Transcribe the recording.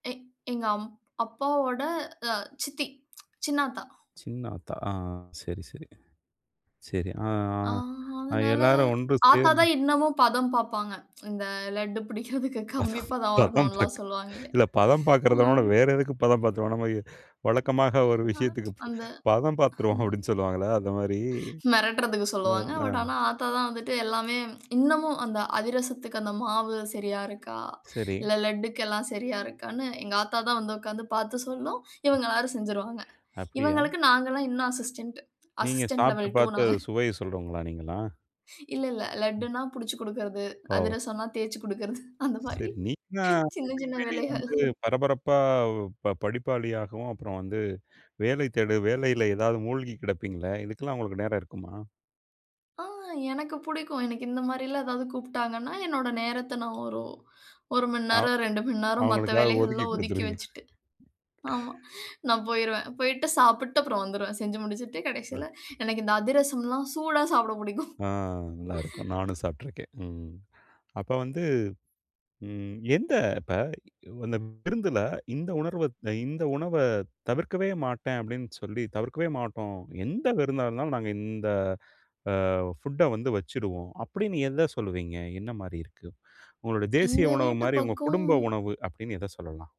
எ எங்க அம் அப்பாவோட சித்தி சின்ன ஆத்தா. சின்ன ஆத்தா ஆ, சரி சரி சரி ஆ, ஆ, அதனால எல்லாரும் ஒன்று ஆத்தா சேர்ந்து தான் இன்னமும் பதம் பார்ப்பாங்க. இந்த லட்டு பிடிப்பதற்கு கம்மிப்பதம் பதம் வரணும்ன்னு எல்லாம் சொல்லுவாங்க இல்லயா, இல்ல பதம் ஆ. பார்க்கிறதை விட வேறு எதற்கு பதம் பார்த்துடுவோம், நாம வழக்கமா ஒரு விஷயத்திற்கு அந்த, பதம் பார்த்துடுவோம் அப்படின்னு சொல்லுவாங்கல்ல அந்த மாதிரி. மிரட்டுறதுக்கு சொல்லுவாங்க. பட் ஆனா ஆத்தா தான் வந்துட்டு எல்லாமே இன்னமும் அந்த அதிரசத்திக்கு அந்த மாவு சரியா இருக்கா? சரி. இல்ல லட்டுக்கு எல்லாம் சரியா இருக்கான்னு எங்க ஆத்தா தான் வந்து உட்கார்ந்து பார்த்து சொல்லும். இவங்க எல்லாரும் செஞ்சுடுவாங்க. அப்படியா? இவங்களுக்கு நாங்க எல்லாம் இன்னும் அசிஸ்டன்ட். நீங்க அசிஸ்டன்ட் சாப்பிட்டு லெவல் டூ பார்த்த நாங்க. சுவையை சொல்றவங்களா நீங்க எல்லாம்? இல்ல இல்ல ம். லட்டுன்னா, பிடிச்சு குடுக்கறது, ஓ! அதிரசம்ன்னா, தேய்ச்சு குடுக்கறது அந்த மாதிரி சரி நீங்க சின்ன சின்ன எப்பவுமே வேலைகள். வந்து பரபரப்பா படிப்பாளியாகவும், அப்புறம் வந்து வேலை தேடு வேலையில ஏதாவது மூழ்கிக் கிடப்பீங்களே இதுக்கெல்லாம் உங்களுக்கு நேரம் இருக்குமா? ஆ, எனக்கு பிடிக்கும். எனக்கு இந்த மாதிரி எல்லாம் ஏதாவது கூப்பிட்டாங்கன்னா, என்னோட நேரத்தை நான் ஒரு 1 மணி அவ நேரம் 2 மணி நேரம் மத்த அவர்களுக்காக வேலைகள் ஒதுக்கி எல்லாம் ஒதுக்கி கொடுத்துடுவீங்க. வச்சுட்டு. ஆமா நான் போய்டுவேன். போய்ட்டு சாப்பிட்டுட்டு அப்புறம் வந்துவிடுவேன். செஞ்சு முடிச்சுட்டு ஓ! கடைசியில எனக்கு இந்த அதிரசம்லாம் சூடா சாப்பிட பிடிக்கும். ஆ, நல்லா இருக்கும். நானும் சாப்பிட்டிருக்கேன். ம். அப்ப வந்து எந்த இப்போ அந்த விருந்தில இந்த உணர்வ இந்த உணவை தவிர்க்கவே மாட்டேன். அப்படின்னு சொல்லி தவிர்க்கவே மாட்டோம். எந்த விருந்தாக இருந்தாலும் நாங்க இந்த ஃபுட்டை வந்து வச்சுடுவோம். அப்படின்னு எதை சொல்லுவீங்க என்ன மாதிரி இருக்கு உங்களுடைய தேசிய எங்க உணவு வீட்டு மாதிரி உங்க பக்கம். குடும்ப உணவு அப்படின்னு எதை சொல்லலாம்?